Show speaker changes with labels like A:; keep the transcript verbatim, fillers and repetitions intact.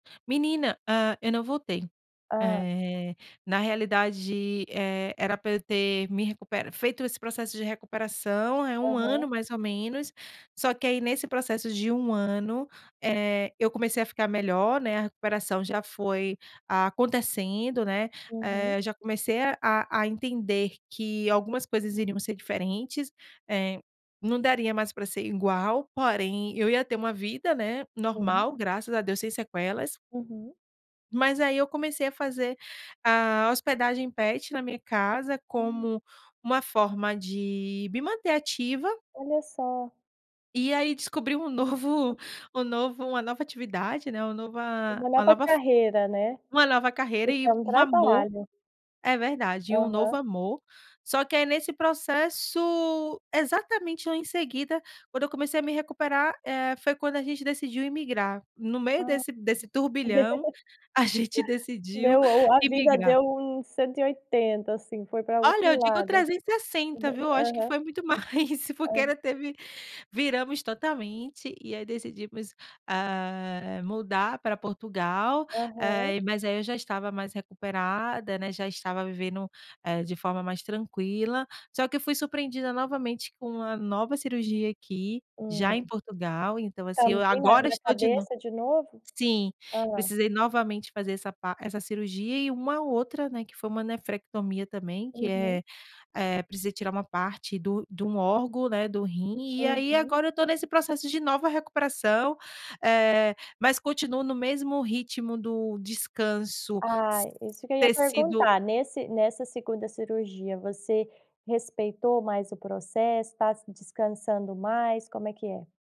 A: Menina, ah, eu não voltei.
B: Hã.
A: Eh, na realidade, eh, era pra eu ter me recuperado feito esse processo de recuperação, é um ano
B: Aham.
A: mais ou menos, só que aí nesse processo de um ano, eh, eu comecei a ficar melhor, né, a recuperação já foi acontecendo, né,
B: Uhum.
A: eh, já comecei a a entender que algumas coisas iriam ser diferentes, eh, não daria mais pra ser igual, porém eu ia ter uma vida, né,
B: Hum.
A: normal graças a Deus sem sequelas.
B: Uhum.
A: Mas aí eu comecei a fazer a hospedagem pet na minha casa
B: Ai.
A: como uma forma de me manter ativa.
B: Olha só.
A: E aí descobri um novo, um novo, uma nova atividade, né, uma nova
B: Uma
A: uma
B: nova
A: nova uma nova f
B: carreira, né.
A: uma nova carreira
B: Isso
A: e
B: é um
A: um amor.
B: trabalho.
A: É verdade, e um novo
B: Aham.
A: amor. Só que aí nesse processo, exatamente eu em seguida, quando eu comecei a me recuperar, eh, foi quando a gente decidiu imigrar. No meio
B: Hã.
A: desse desse turbilhão, a gente decidiu
B: Meu o a vida
A: imigrar.
B: deu um cento e oitenta, assim, foi pra
A: Olha,
B: outro
A: eu digo
B: lado.
A: trezentos e sessenta, viu. Acho que
B: Aham.
A: foi muito mais, porque
B: Hã.
A: ela teve viramos totalmente, e aí decidimos, ah, mudar pra Portugal,
B: Aham.
A: eh, mas aí eu já estava mais recuperada, né, já estava vivendo, eh, de forma mais tranquila, só que eu fui surpreendida novamente com uma nova cirurgia aqui, já em
B: Hum.
A: Portugal, então assim eu
B: Támbém na
A: agora
B: na
A: estou de nov
B: cabeça de novo?
A: sim,
B: Aham.
A: precisei novamente fazer essa pa essa par cirurgia e uma outra, né, que foi um nefrectomia também que
B: Uhum.
A: é eh, precisa tirar um parte do de um órgão, né, do rim, e aí
B: Uhum.
A: agora eu estou nesse processo de nova recuperação, eh, mas continuo no mesmo ritmo do descanso
B: Ah,
A: s
B: isso que eu ia
A: ter sido
B: perguntar, nesse nessa segunda cirurgia você respeitou mais o processo, tá se descansando mais, como é que é?